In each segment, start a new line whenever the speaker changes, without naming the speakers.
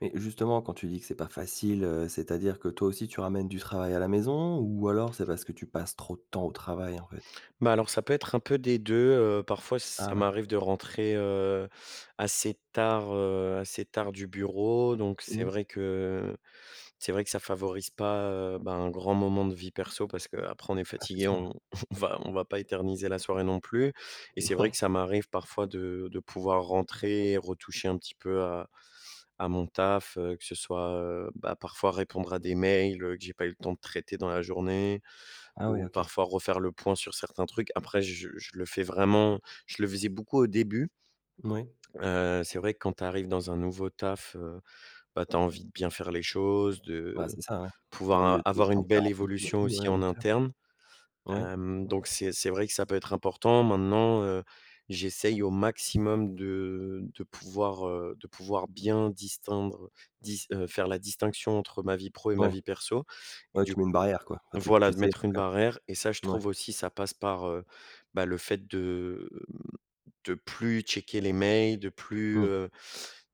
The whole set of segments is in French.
Mais, justement, quand tu dis que c'est pas facile, heu, c'est-à-dire que, toi aussi, tu ramènes du travail à la maison ou alors c'est parce que tu passes trop de temps au travail, en fait?
Bah, alors ça peut être un peu des 2, heu, parfois, ç
Ah
ça
ouais.
m'arrive de rentrer, heu, assez tard, heu assez tard du bureau. Donc, c'est
Mmh.
vrai que c'est vrai que ça favorise pas, heu, ben, un grand moment de vie perso parce qu'après, on est
Ah, c'est
fatigué,
sûr, ouais.
on on va, on va pas éterniser la soirée, non plus. Et c'est vrai
Ouais
que ça m'arrive parfois, de de pouvoir rentrer, et retoucher un petit peu, heu, à à mon taf, heu, que ce soit, heu, bah, parfois répondre à des mails, heu, que j'ai pas eu le temps de traiter dans la journée
Ah ouais,
ou
OK.
parfois refaire le point sur certains trucs. Après, je je le fais vraiment je le faisais beaucoup au début
Moui.
Heu, c'est vrai quand tu arrives dans un nouveau taf, heu, bah, tu as envie de bien faire les choses, de
Ouais, c'est ça, ouais. Tu as
pouvoir
envie de de
a
te
avoir une
sentir
belle
en vie et
évolution
tout, ouais,
aussi
bien
en
sûr.
interne.
Oui.
Hem, donc, c'est c'est vrai que ça peut être important. Maintenant, heu, j'essaye au maximum de de pouvoir, heu de pouvoir bien distinguer dis heu, faire la distinction entre ma vie pro et ma
Ouais.
vie perso.
Ouais,
Du
tu mets une
coup
barrière, quoi. Enfin, tu tu
voilà, de
essaies, en
mettre
tous
une
cas.
barrière. Et ça, je
Mouais.
trouve aussi, ça passe par, heu, bah, le fait de, hem, de plus checker les mails, de de plus,
Mmh.
heu,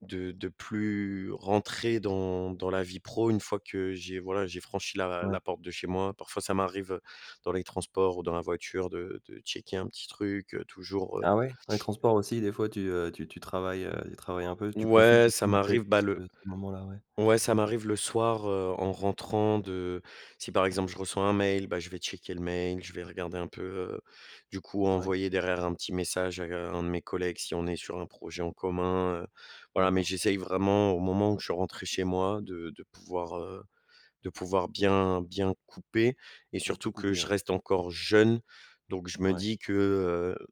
de de plus rentrer dans dans la vie pro, une fois que j'ai, voilà, j'ai franchi la
Ouais.
la porte de chez moi. Parfois, ça m'arrive heu, dans les transports ou dans la voiture, de de checker un petit truc, heu, toujours, heu
Ah ouais, dans les transports, aussi, des fois, tu, heu, tu tu travailles, heu, tu travailles un peu? Tu profites
Ouais, ça
justement
m'arrive.
peut-être de
Bah,
ce
le
ce moment-là? Ouais.
ouais, ça m'arrive le soir, heu, en rentrant de si, par exemple, je reçois un mail, bah, je vais checker le mail, je vais regarder un peu, heu, du coup,
Ouais.
envoyer derrière un petit message, à g un de mes collègues, si on est sur un projet en commun. Heu voilà, mais
D'accord.
j'essaye vraiment au moment où je suis rentré chez moi, de de pouvoir, heu, de pouvoir
Ton
bien bien couper et
De tout
surtout que
couper,
je
ouais.
reste encore jeune. Donc je me
Ouais.
dis que, heu,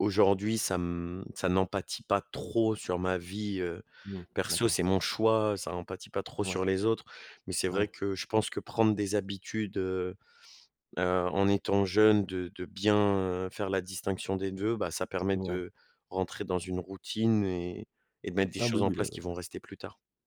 aujourd'hui, ça m ça n'en pâti pas trop sur ma vie, heu,
Mmh,
perso,
d'accord.
c'est mon choix, ça en pâti pas trop
Ouais.
sur les autres. Mais c'est vrai
Ouais.
que je pense que prendre des habitudes, heu heu, en étant jeune, de de bien, heu, faire la distinction des 2, bah, ça permet
Ouais.
de rentrer dans une routine et et de mettre des
Ah oui,
choses en
oui,
place qui
le
vont rester plus tard.